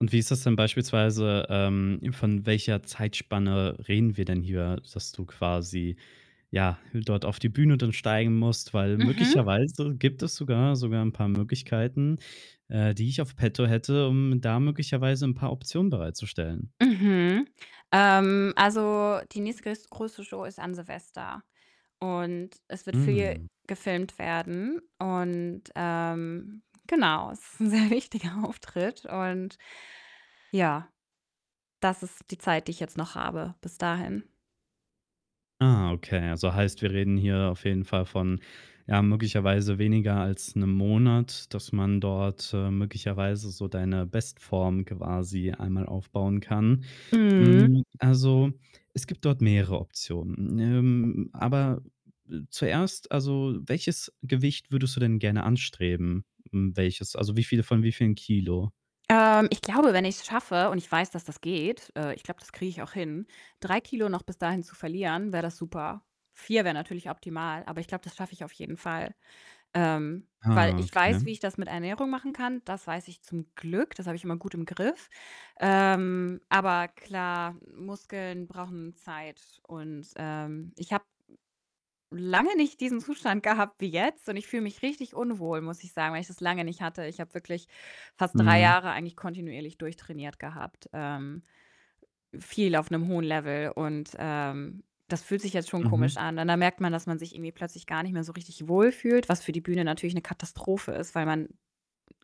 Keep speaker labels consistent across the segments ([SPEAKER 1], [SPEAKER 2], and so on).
[SPEAKER 1] Und wie ist das denn beispielsweise, ähm von welcher Zeitspanne reden wir denn hier, dass du quasi, ja, dort auf die Bühne dann steigen musst? Weil,
[SPEAKER 2] Mhm.
[SPEAKER 1] möglicherweise gibt es sogar sogar 'n paar Möglichkeiten, äh, die ich auf petto hätte, um da möglicherweise 'n paar Optionen bereitzustellen.
[SPEAKER 2] Mhm. Ähm, also, die nächste größt größere Show ist an Silvester und es wird viel
[SPEAKER 1] Mhm.
[SPEAKER 2] gefilmt werden und, ähm, genau, es ist 'n sehr wichtiger Auftritt und, ja, das ist die Zeit, die ich jetzt noch habe, bis dahin.
[SPEAKER 1] Ah, okay. Also, heißt, wir reden hier auf jeden Fall von, ja, möglicherweise weniger als 'nem Monat, dass man dort, äh, möglicherweise so deine Bestform quasi einmal aufbauen kann.
[SPEAKER 2] Mhm.
[SPEAKER 1] Hm, also, es gibt dort mehrere Optionen. Ähm, aber, äh, zuerst also, welches Gewicht würdest du denn gerne anstreben? M welches, also, wie viele von wie vielen Kilo?
[SPEAKER 2] Ähm, ich glaube, wenn ich's schaffe, und ich weiß, dass das geht äh, ich glaube, das kriege ich auch hin, 3 Kilo noch bis dahin zu verlieren, wäre das super. 4 wäre natürlich optimal, aber ich glaube, das schaffe ich auf jeden Fall. Ähm, weil
[SPEAKER 1] Ah,
[SPEAKER 2] ich weiß, wie
[SPEAKER 1] Okay.
[SPEAKER 2] ich das mit Ernährung machen kann, das weiß ich zum Glück, das habe ich immer gut im Griff. Ähm, aber klar, Muskeln brauchen Zeit und, ähm, ich habe, hm, lange nicht diesen Zustand gehabt wie jetzt und ich fühle mich richtig unwohl, muss ich sagen, weil ich das lange nicht hatte. Ich habe wirklich fast 3
[SPEAKER 1] Mhm.
[SPEAKER 2] Jahre eigentlich kontinuierlich durchtrainiert gehabt, ähm, viel auf 'nem hohen Level und, ähm, das fühlt sich jetzt schon komisch
[SPEAKER 1] Mhm.
[SPEAKER 2] an und dann merkt man, dass man sich irgendwie plötzlich gar nicht mehr so richtig wohl fühlt, was für die Bühne natürlich 'ne Katastrophe ist, weil man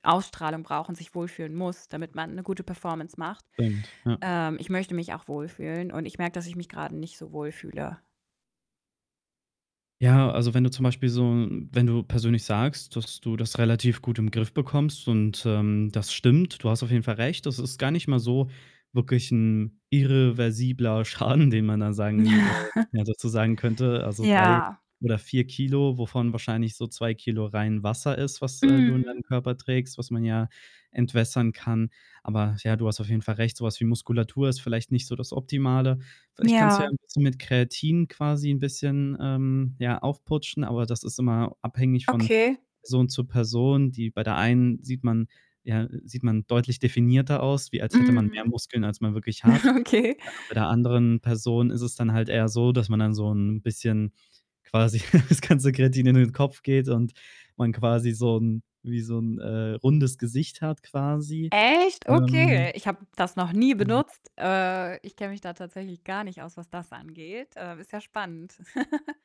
[SPEAKER 2] Ausstrahlung braucht und sich wohlfühlen muss, damit man 'ne gute Performance macht.
[SPEAKER 1] Stimmt, ja.
[SPEAKER 2] Ähm, ich möchte mich auch wohlfühlen und ich merke, dass ich mich grade nicht so wohl fühle.
[SPEAKER 1] Ja, also, wenn du zum Beispiel so wenn du persönlich sagst, dass du das relativ gut im Griff bekommst und, ähm, das stimmt, du hast auf jeden Fall recht, das ist gar nicht mal so wirklich 'n irreversibler Schaden, den man da sagen äh, ja dazu sagen könnte. Also, 3
[SPEAKER 2] Ja.
[SPEAKER 1] oder 4 Kilo, wovon wahrscheinlich so 2 Kilo rein Wasser ist, was, äh, du in
[SPEAKER 2] Mhm.
[SPEAKER 1] deinem Körper trägst, was man ja entwässern kann. Aber, ja, du hast auf jeden Fall recht, so was wie Muskulatur ist vielleicht nicht so das Optimale. Vielleicht kannst du ja
[SPEAKER 2] Ja.
[SPEAKER 1] 'n bisschen mit Kreatin quasi 'n bisschen, ähm, ja, aufputschen, aber das ist immer abhängig von
[SPEAKER 2] Okay.
[SPEAKER 1] Person zu Person, die bei der einen sieht man ja, sieht man deutlich definierter aus, wie als hätte man mehr
[SPEAKER 2] Mhm.
[SPEAKER 1] Muskeln, als man wirklich hat.,
[SPEAKER 2] Okay.
[SPEAKER 1] [unintelligible] bei der anderen Person ist es dann halt eher so, dass man dann so 'n bisschen quasi das ganze Kreatin in den Kopf geht und man quasi so 'n wie so 'n, äh, rundes Gesicht hat quasi.
[SPEAKER 2] Echt? Okay,
[SPEAKER 1] Ähm
[SPEAKER 2] ich habe das noch nie
[SPEAKER 1] Hm
[SPEAKER 2] benutzt. Äh, ich kenne mich da tatsächlich gar nicht aus, was das angeht. Äh, ist ja spannend.